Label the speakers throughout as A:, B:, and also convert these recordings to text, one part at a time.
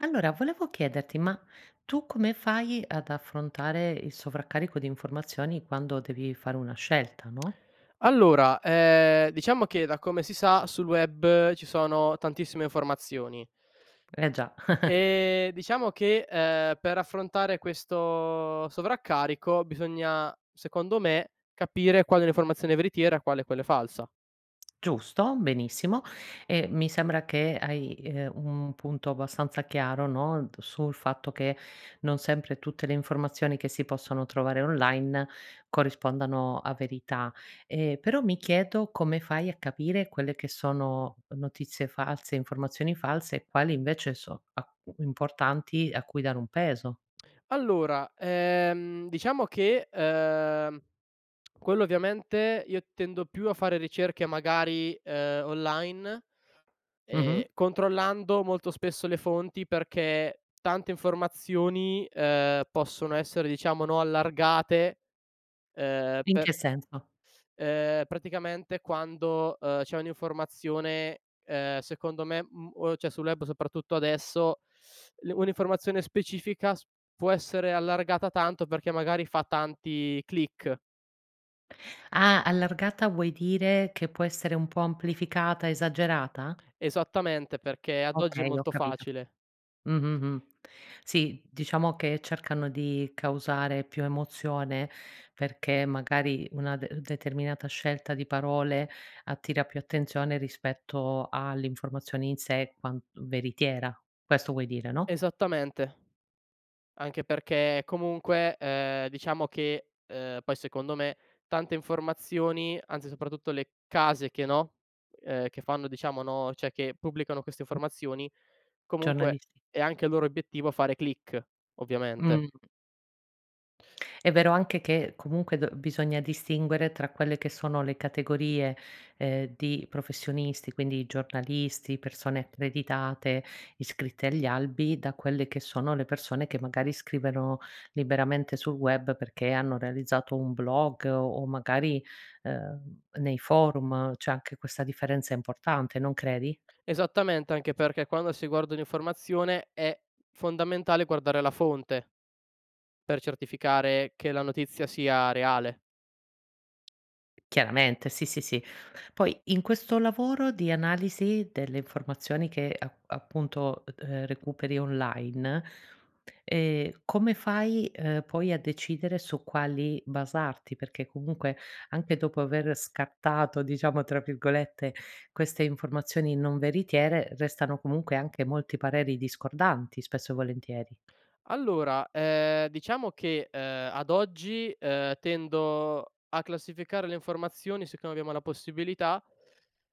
A: Allora, volevo chiederti, ma tu come fai ad affrontare il sovraccarico di informazioni quando devi fare una scelta, no?
B: Allora, ehm, diciamo che da come si sa sul web ci sono tantissime informazioni
A: Eh già.
B: e diciamo che, ehm, per affrontare questo sovraccarico bisogna, secondo me, capire quale è un'informazione veritiera quale è quella falsa.
A: Giusto, benissimo, e mi sembra che hai, ehm, un punto abbastanza chiaro no, sul fatto che non sempre tutte le informazioni che si possono trovare online corrispondano a verità. E però mi chiedo come fai a capire quelle che sono notizie false, informazioni false e quali invece so a importanti a cui dare un peso.
B: Allora, ehm, diciamo che, ehm, quello ovviamente io tendo più a fare ricerche magari, ehm, online
A: Mh-mh.
B: e controllando molto spesso le fonti. Perché tante informazioni, ehm, possono essere, diciamo no, allargate, ehm,
A: In
B: per
A: che senso?
B: ehm, praticamente quando, ehm, c'è un'informazione, ehm, secondo me, mhmm, o c'è sul web soprattutto adesso, l un'informazione specifica, s può essere allargata tanto perché magari fa tanti click.
A: Ah, allargata vuoi dire che può essere un po' amplificata, esagerata?
B: Esattamente, perché ad oggi è
A: Okay, ho
B: molto
A: capito.
B: facile.
A: Mh, mh, mh. Sì, diciamo che cercano di causare più emozione perché magari una de determinata scelta di parole attira più attenzione rispetto all'informazione in sé quan veritiera. Questo vuoi dire no?
B: Esattamente, anche perché comunque, ehm, diciamo che, uhm, poi secondo me tante informazioni, anzi soprattutto le case che no, ehm, che fanno diciamo no, cioè che pubblicano queste informazioni, comunque
A: Giornalisti.
B: è anche il loro obiettivo fare click, ovviamente.
A: Mh. È vero anche che, comunque, d b bisogna distinguere tra quelle che sono le categorie, ehm, di professionisti quindi i giornalisti, persone accreditate, iscritte agli albi, da quelle che sono le persone che magari scrivono liberamente sul web perché hanno realizzato un blog, o magari, ehm, nei forum c'è anche questa differenza importante non credi?
B: Esattamente, anche perché quando si guarda un'informazione è fondamentale guardare la fonte, per certificare che la notizia sia reale.
A: Chiaramente sì, sì, sì. Poi in questo lavoro di analisi delle informazioni che app appunto, ehm, recuperi online, ehm, come fai, ehm, poi a decidere su quali basarti? Perché comunque anche dopo aver "scattato", diciamo, tra virgolette, queste informazioni non veritiere restano comunque anche molti pareri discordanti spesso e volentieri.
B: Allora, ehm, diciamo che, ehm, ad oggi, ehm, tendo a classificare le informazioni, siccome abbiamo la possibilità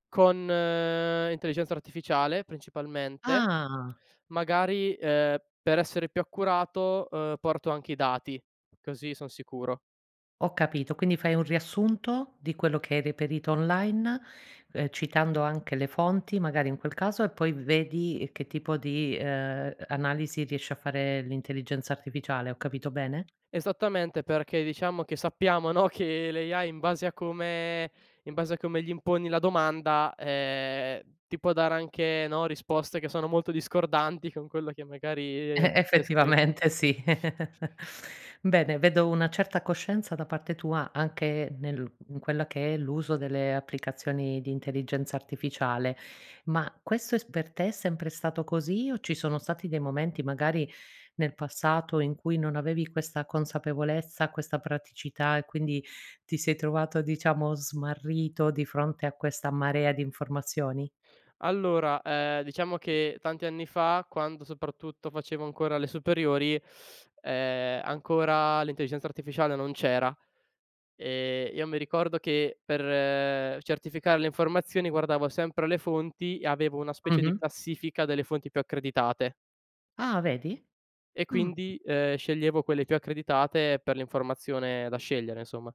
B: con l'intelligenza artificiale principalmente,
A: Ah.
B: magari, ehm, per essere più accurato, ehm, porto anche i dati, così son sicuro.
A: Ho capito, quindi fai un riassunto di quello che hai reperito online, ehm, citando anche le fonti magari in quel caso, e poi vedi che tipo di, ehm, a analisi riesce a fare l'intelligenza artificiale. Ho capito bene?
B: Esattamente, perché diciamo che sappiamo no, che l' AI, in base a come in base a come gli imponi la domanda, ehm, ti può dare anche no, risposte che sono molto discordanti con quello che
A: Eh,
B: magari c'è scritto.
A: effettivamente sì. Bene, vedo una certa coscienza da parte tua anche nel in quella che è l'uso delle applicazioni di intelligenza artificiale, ma questo è s per te è sempre stato così o ci sono stati dei momenti, magari nel passato in cui non avevi questa consapevolezza, questa praticità e quindi ti sei trovato, diciamo, smarrito di fronte a questa marea di informazioni?
B: Allora, ehm, diciamo che tanti anni fa quando soprattutto facevo ancora le superiori, ehm, ancora l'intelligenza artificiale non c'era e io mi ricordo che per certificare le informazioni guardavo sempre le fonti e avevo una specie di
A: Mh-mh.
B: classifica delle fonti più accreditate.
A: Ah vedi,
B: E
A: mh.
B: quindi, ehm, sceglievo quelle più accreditate per l'informazione da scegliere, insomma.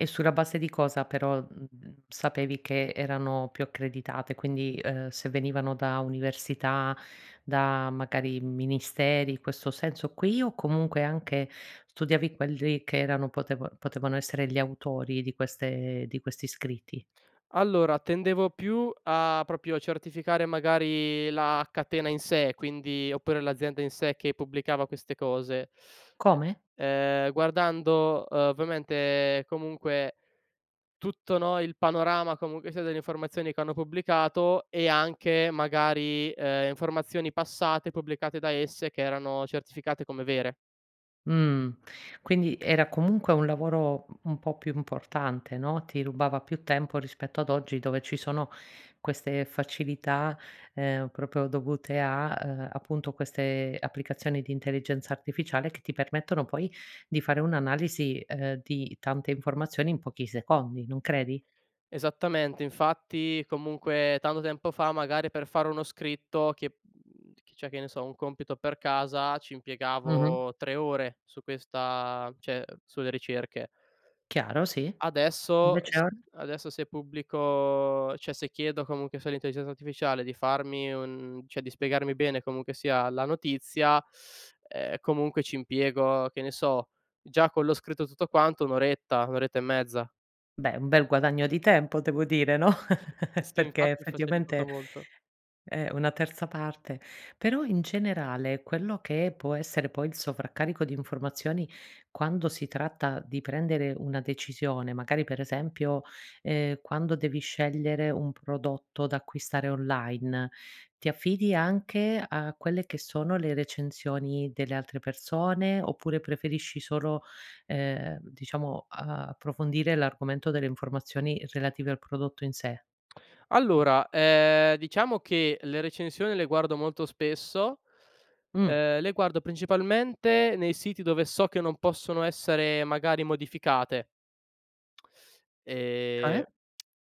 A: E sulla base di cosa però, mhmm, sapevi che erano più accreditate? Quindi, ehm, se venivano da università, da magari ministeri, in questo senso qui, o comunque anche studiavi quelli che erano poteva potevano essere gli autori di queste di queste di questi scritti?
B: Allora, tendevo più a proprio a certificare magari la catena in sé quindi oppure l'azienda in sé che pubblicava queste cose,
A: Come?
B: e ehm, guardando ovviamente comunque tutto no, il panorama comunque sia delle informazioni che hanno pubblicato, e anche magari, ehm, informazioni passate pubblicate da esse che erano certificate come vere.
A: Mh, quindi era comunque un lavoro u un po' più importante no, ti rubava più tempo, rispetto ad oggi, dove ci sono queste facilità, ehm, proprio dovute a, ehm, appunto queste applicazioni di intelligenza artificiale che ti permettono poi di fare un'analisi, ehm, di tante informazioni in pochi secondi. Non credi?
B: Esattamente, infatti comunque tanto tempo fa magari per fare uno scritto che mhmm, chi c'è che ne so un compito per casa, ci
A: Mh-mh.
B: impiegavo 3 ore su questa cioè sulle ricerche.
A: Chiaro sì,
B: Adesso
A: invece
B: s
A: or
B: adesso se pubblico cioè se chiedo comunque sull'intelligenza artificiale di farmi un cioè di spiegarmi bene comunque sia la notizia, ehm, comunque ci impiego, che ne so, già con lo scritto tutto quanto 1 oretta, 1 oretta e mezza.
A: Beh, un bel guadagno di tempo devo dire no,
B: [unintelligible] Sì
A: perché
B: infatti,
A: effettivamente
B: facilitato molto.
A: è una terza parte, però in generale, quello che può essere poi il sovraccarico di informazioni, quando si tratta di prendere una decisione, magari per esempio, ehm, quando devi scegliere un prodotto da acquistare online, ti affidi anche a quelle che sono le recensioni delle altre persone, oppure preferisci solo, ehm, diciamo, uhm, approfondire l'argomento delle informazioni relative al prodotto in sé.
B: Allora, ehm, diciamo che, le recensioni le guardo molto spesso,
A: Mh-mh
B: ehm, le guardo principalmente nei siti dove so che non possono essere magari modificate. Ehm,
A: Come?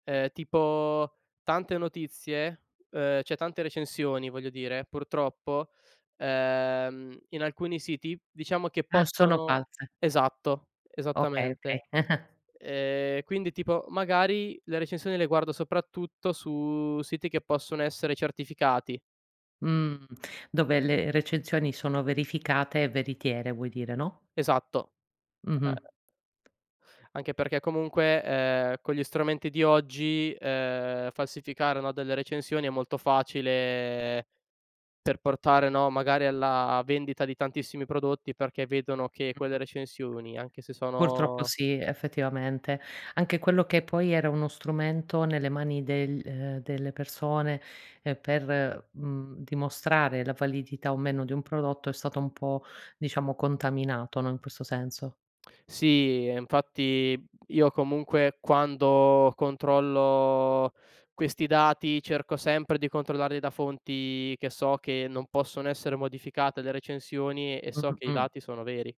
B: ehm, tipo tante notizie, ehm, cioè tante recensioni voglio dire, purtroppo, ehm, in alcuni siti, diciamo che
A: Ah, sono
B: possono
A: false.
B: esatto,
A: Okay, okay
B: esattamente, ehm, quindi tipo magari, le recensioni le guardo soprattutto, su siti che possono essere certificati.
A: Mhmm, dove le recensioni sono verificate e veritiere vuoi dire, no?
B: Esatto. Ehm
A: Mh-mh.
B: anche perché comunque, ehm, con gli strumenti di oggi, ehm, falsificare no, delle recensioni è molto facile per portare no, magari alla vendita di tantissimi prodotti, perché vedono che quelle
A: Mh.
B: recensioni anche se
A: Purtroppo
B: sono
A: sì, effettivamente, anche quello che poi era uno strumento nelle mani del, ehm, delle persone per, mhmm, dimostrare la validità o meno di un prodotto è stato un po', diciamo, contaminato no, in questo senso.
B: Sì e infatti io comunque quando controllo questi dati, cerco sempre di controllarli da fonti che so che non possono essere modificate le recensioni, e so
A: Mh-mh,
B: che i
A: mh.
B: dati sono veri.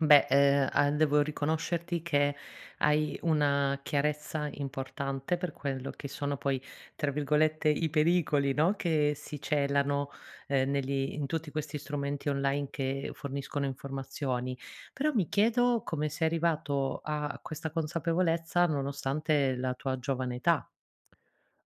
A: Beh, uhm, a devo riconoscerti che hai una chiarezza importante per quello che sono poi, tra virgolette, "i pericoli" no, che si celano, uhm, negli in tutti questi strumenti online che forniscono informazioni, però mi chiedo come sei arrivato a questa consapevolezza nonostante la tua giovane età?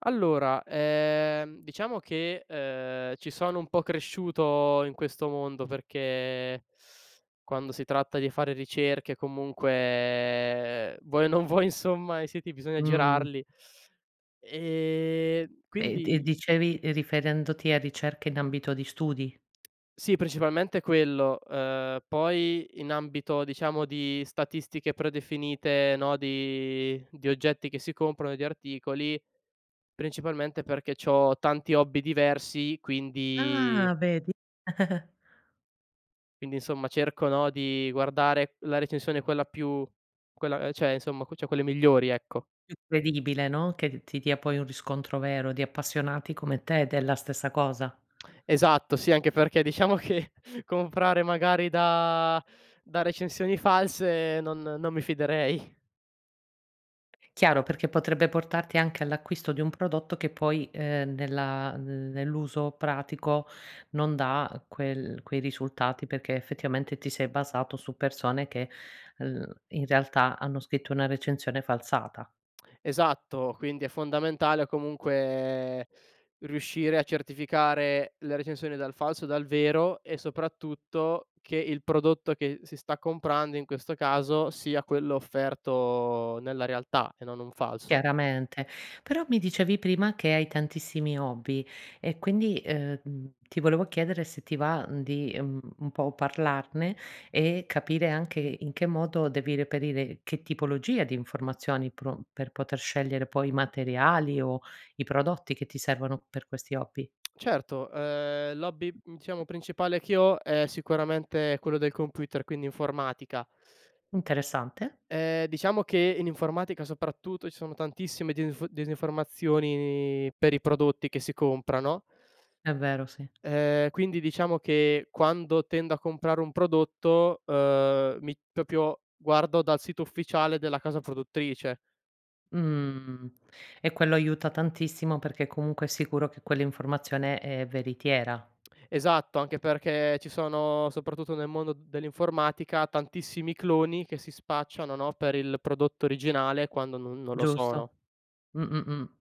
B: Allora, ehm, diciamo che, uhm, ci sono un po' cresciuto in questo mondo, perché quando si tratta di fare ricerche, comunque vuoi o non vuoi insomma i siti bisogna
A: Mh.
B: girarli, ehm,
A: E d e
B: quindi
A: dicevi riferendoti a ricerche in ambito di studi?
B: Sì principalmente quello, ehm, poi in ambito diciamo di statistiche predefinite no, di di oggetti che si comprano, di articoli, principalmente, perché c'ho tanti hobby diversi quindi
A: Ah vedi.
B: quindi insomma cerco no, di guardare la recensione quella più quella cioè insomma, cioè quelle migliori, ecco.
A: Incredibile no, che ti dia poi un riscontro vero di appassionati come te della stessa cosa.
B: Esatto sì, anche perché diciamo che comprare magari da da recensioni false non non mi fiderei.
A: Chiaro, perché potrebbe portarti anche all'acquisto di un prodotto che poi, ehm, nella nell'uso pratico non dà quel quei risultati, perché effettivamente ti sei basato su persone che, mhmm, in realtà hanno scritto una recensione falsata.
B: Esatto. Quindi è fondamentale comunque riuscire a certificare le recensioni dal falso dal vero, e soprattutto, che il prodotto che si sta comprando, in questo caso sia quello offerto nella realtà e non un falso.
A: Chiaramente. Però mi dicevi prima, che hai tantissimi hobby e quindi, ehm, mhmm, ti volevo chiedere se ti va, uhm, di, uhm, un po' parlarne e capire anche in che modo devi reperire che tipologia di informazioni pro per poter scegliere poi i materiali, o i prodotti che ti servono per questi hobby.
B: Certo, ehm, l'hobby diciamo principale che ho è sicuramente quello del computer, quindi informatica.
A: Interessante.
B: Ehm, diciamo che in informatica soprattutto, ci sono tantissime difi disinformazioni, per i prodotti che si compra, no?
A: È vero sì.
B: Ehm, quindi diciamo che quando tendo a comprare un prodotto, uhm, mi proprio guardo dal sito ufficiale della casa produttrice.
A: Mhmm, e quello aiuta tantissimo, perché comunque è sicuro che quell'informazione è veritiera.
B: Esatto, anche perché ci sono, soprattutto nel mondo dell'informatica, tantissimi cloni, che si spacciano no, per il prodotto originale quando non non lo sono.
A: Giusto. Mh-mh, mh.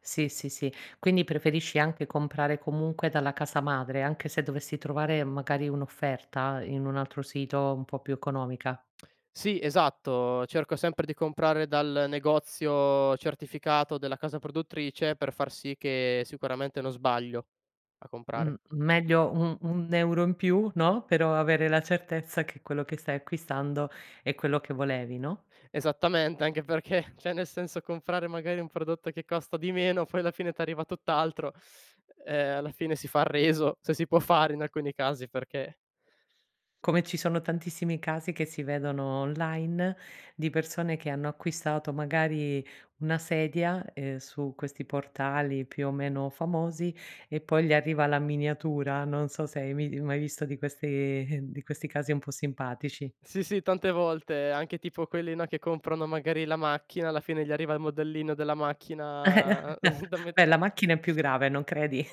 A: Sì, sì, sì. Quindi, preferisci anche comprare comunque dalla casa madre, anche se dovessi trovare magari un'offerta in un altro sito un po' più economica.
B: Sì, esatto. Cerco sempre di comprare dal negozio certificato della casa produttrice, per far sì che sicuramente non sbaglio, a comprare.
A: Mh, meglio 1- 1 € in più no, però avere la certezza che quello che stai acquistando è quello che volevi, no?
B: Esattamente, anche perché perché cioè nel senso, perché comprare magari un prodotto che costa di meno poi alla fine ti arriva tutt'altro, uhm, alla fine si fa il reso, se si può fare in alcuni casi, perché
A: Come ci sono tantissimi casi che si vedono online, di persone, che hanno acquistato magari una sedia, uhm, su questi portali più o meno famosi, e poi gli arriva la miniatura. Non so se hai mei mai visto di questi di questi casi un po' simpatici.
B: Sì, sì, tante volte anche tipo quelli no, che comprano magari la macchina alla fine gli arriva il modellino della macchina da me
A: Beh, la macchina è più grave non credi?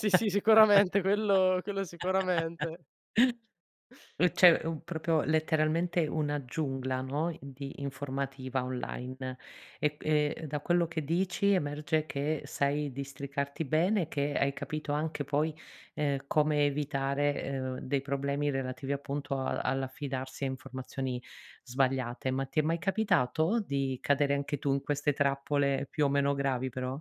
B: Sì, sì, sicuramente quello quello sicuramente.
A: Uhm, cioè u proprio letteralmente una giungla no, di informativa online e q e da quello che dici, emerge che sai districarti bene e che hai capito anche poi, ehm, come evitare, ehm, dei problemi relativi appunto al all'affidarsi a informazioni sbagliate. Ma ti è mai capitato di cadere anche tu in queste trappole più o meno gravi, però?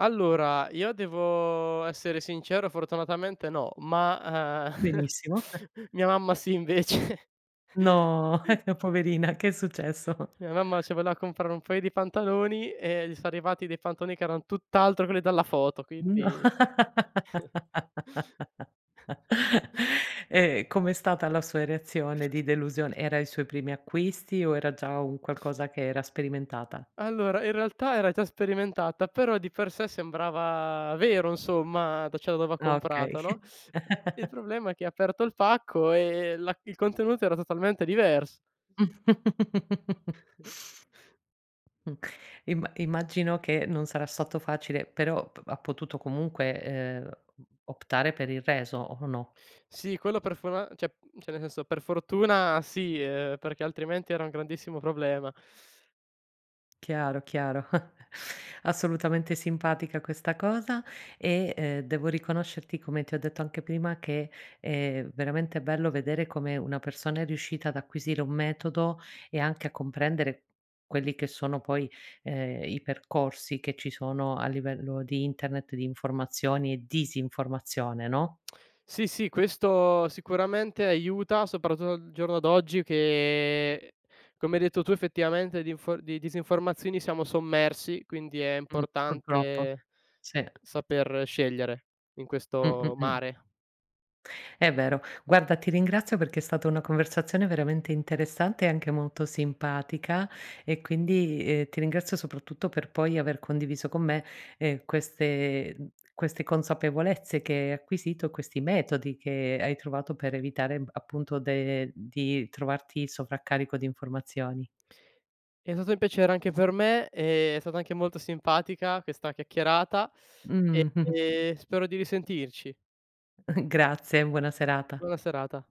B: Allora, io devo essere sincero, fortunatamente no, ma, ehm,
A: Benissimo.
B: mia mamma si invece.
A: No, poverina, che è successo?
B: Mia mamma, si voleva comprare un paio di pantaloni, e gli son arrivati dei pantaloni, che erano tutt'altro quelli della foto,
A: No.
B: quindi
A: E com'è stata la sua reazione
B: [unintelligible]
A: di delusion era ai suoi primi acquisti o era già un qualcosa che era sperimentata?
B: Allora, in realtà era già sperimentata, però di per sé sembrava vero insomma, d cioè dove ha
A: Okay.
B: comprato no, il problema, è che aperto il pacco e la il contenuto era totalmente divers [unintelligible]
A: Mh, imma immagino che non sarà stato facile, però p ha potuto comunque, ehm, optare per il reso o no?
B: Sì, quello per fora cioè- cioè nel senso, per fortuna sì, ehm, perché altrimenti era un grandissimo problema.
A: Chiaro, chiaro. Assolutamente simpatica questa cosa e, uhm, devo riconoscerti come ti ho detto anche prima che, ehm, è veramente bello vedere come una persona, è riuscita ad acquisire un metodo e anche a comprendere quelli che sono poi, ehm, i percorsi che ci sono a livello di internet, di informazioni e disinformazione, no?
B: Sì, sì, questo sicuramente aiuta, soprattutto al giorno d'oggi, che come hai detto tu effettivamente, di info di disinformazioni siamo sommersi, quindi è
A: Mh, purtroppo,
B: importante,
A: sì.
B: saper scegliere in
A: Mh-mh,
B: questo
A: mh.
B: mare.
A: È vero. Guarda ti ringrazio perché è stata una conversazione veramente interessante e anche molto simpatica, e quindi, uhm, ti ringrazio soprattutto per poi aver condiviso con me, ehm, queste queste consapevolezze che hai acquisito, questi metodi che hai trovato per evitare appunto de di trovarti sovraccarico di informazioni.
B: È stato un piacere anche per me, e è stata anche molto simpatica questa chiacchierata
A: Mh.
B: e spero di risentirci.
A: Grazie, buona serata.
B: Buona serata.